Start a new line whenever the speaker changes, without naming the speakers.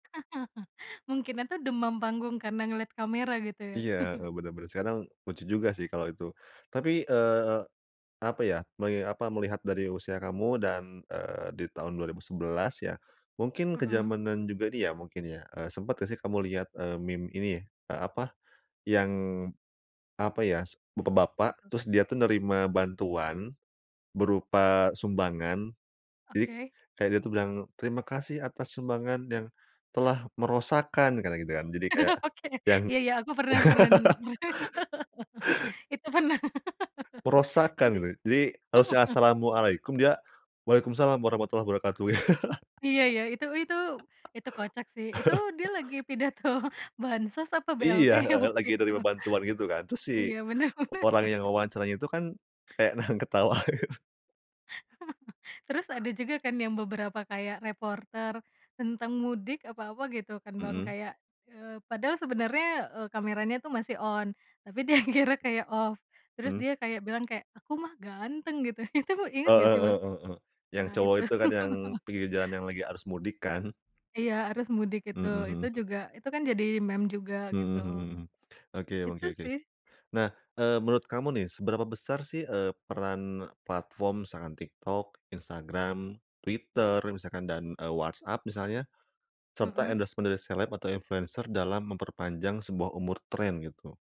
Mungkinan tuh demam panggung karena ngeliat kamera gitu ya.
Iya, heeh, bener bener, sekarang lucu juga sih kalau itu. Tapi, eee, apa ya, meli apa, melihat dari usia kamu dan, eee, di tahun 2011 ya, mungkin
Mhm.
kezamanan juga ini ya, mungkin ya, eee, sempat gak sih kamu lihat, eee, meme ini, eee, apa, yang apa ya, s
Apa
bapak-bapak,
tuh?
terus dia tuh nerima bantuan berupa sumbangan, jadi
Oke.
kayak dia itu bilang, "Terima kasih atas sumbangan yang telah merosakan." Kayak gitu kan, jadi kayak
Oke,
yang
iya iya, aku pernah, fren itu pernah,
Merosakan
tapi
gitu, jadi harusnya, "Assalamualaikum," dia "Waalaikumussalam warahmatullah wabarakatuh."
Iya iya, itu itu itu kocak sih, itu dia lagi pidato bansos apa BLT
Iya, heeh,
waktu
lagi
itu.
nerima bantuan gitu kan, terus
Iya bener bener.
orang yang mewawancaranya itu kan kayak, nahan ketawa gitu.
Terus ada juga kan yang beberapa, kayak reporter tentang mudik apa apa gitu kan Bang,
Mhm.
kayak, eee, padahal sebenernya, eee, kameranya tuh masih on, tapi dia kira kayak off, terus
Mmm.
dia kayak bilang kayak, "Aku mah ganteng," gitu, itu inget
Oh,
nggak
heeh
sih
heeh
Bang?
heeh heeh, yang
Nah
cowok
itu.
itu kan, yang pinggir jalan yang lagi arus mudik kan?
Iya, arus mudik itu,
Mhm mhm.
itu juga itu kan jadi meme juga gitu,
Mmm mhm mhm, oke
itu
oke oke.
sih.
Nah, eee, menurut kamu nih seberapa besar sih, eee, peran platform misalkan TikTok, Instagram, Twitter misalkan dan, eee, WhatsApp misalnya, serta
Mhm.
endorsement dari seleb atau influencer dalam memperpanjang sebuah umur tren gitu?